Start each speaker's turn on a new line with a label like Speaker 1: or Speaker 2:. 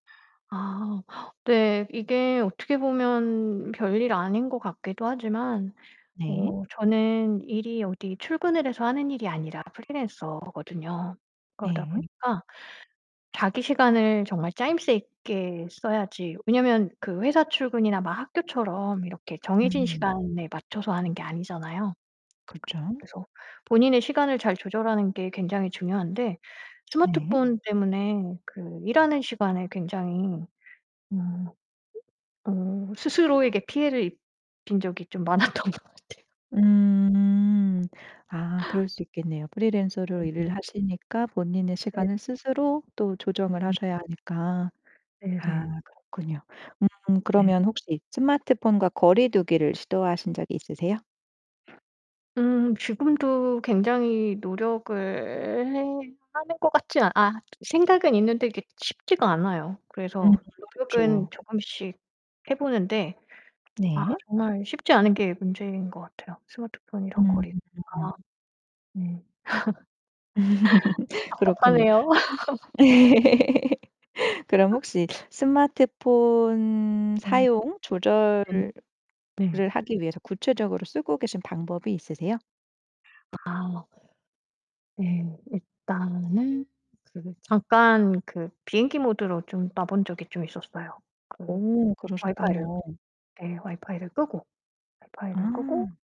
Speaker 1: 아 네. 이게 어떻게 보면 별일 아닌 것 같기도 하지만
Speaker 2: 네.
Speaker 1: 어 저는 일이 어디 출근을 해서 하는 일이 아니라 프리랜서거든요. 그러다
Speaker 2: 네.
Speaker 1: 보니까 자기 시간을 정말 짜임새 있게 써야지 왜냐면 그 회사 출근이나 막 학교처럼 이렇게 정해진
Speaker 2: 음.
Speaker 1: 시간에 맞춰서 하는 게 아니잖아요.
Speaker 2: 그쵸.
Speaker 1: 그래서 본인의 시간을 잘 조절하는 게 굉장히 중요한데,
Speaker 2: 네.
Speaker 1: 스마트폰 때문에 그 일하는 시간에 굉장히 음 어 스스로에게 피해를 입힌 적이 좀 많았던 것 같아요.
Speaker 2: 음. 아 그럴 수 있겠네요. 프리랜서로 일을
Speaker 1: [unintelligible]
Speaker 2: 하시니까 본인의
Speaker 1: 네.
Speaker 2: 시간을 스스로 또 조정을
Speaker 1: 음.
Speaker 2: 하셔야 하니까
Speaker 1: 네
Speaker 2: 아
Speaker 1: 네.
Speaker 2: 그렇군요. 음.
Speaker 1: 네.
Speaker 2: 그러면 혹시 스마트폰과 거리 두기를 시도하신 적이 있으세요?
Speaker 1: 음 지금도 굉장히 노력을 해 하는 것 같지 아 생각은 있는데 그게 쉽지가 않아요.
Speaker 2: 음
Speaker 1: 그래서 노력은
Speaker 2: 그쵸.
Speaker 1: 조금씩 해보는데 아
Speaker 2: 네.
Speaker 1: 정말 쉽지 않은 게 문제인 것 같아요. 스마트폰이랑 거리
Speaker 2: 음.
Speaker 1: 아. 네.
Speaker 2: 그렇군요.
Speaker 1: 답답하네요.
Speaker 2: 그럼 혹시 스마트폰
Speaker 1: 네.
Speaker 2: 사용
Speaker 1: 네.
Speaker 2: 조절을 을
Speaker 1: 네.
Speaker 2: 하기 위해서 구체적으로 쓰고 계신 방법이 있으세요?
Speaker 1: 아. 네. 일단은 그 잠깐 그 비행기 모드로 좀 놔본 적이 좀 있었어요. 그
Speaker 2: 오,
Speaker 1: 와이파이를
Speaker 2: 그러셨군요.
Speaker 1: 네 와이파이를 끄고 와이파이를 끄고
Speaker 2: 아.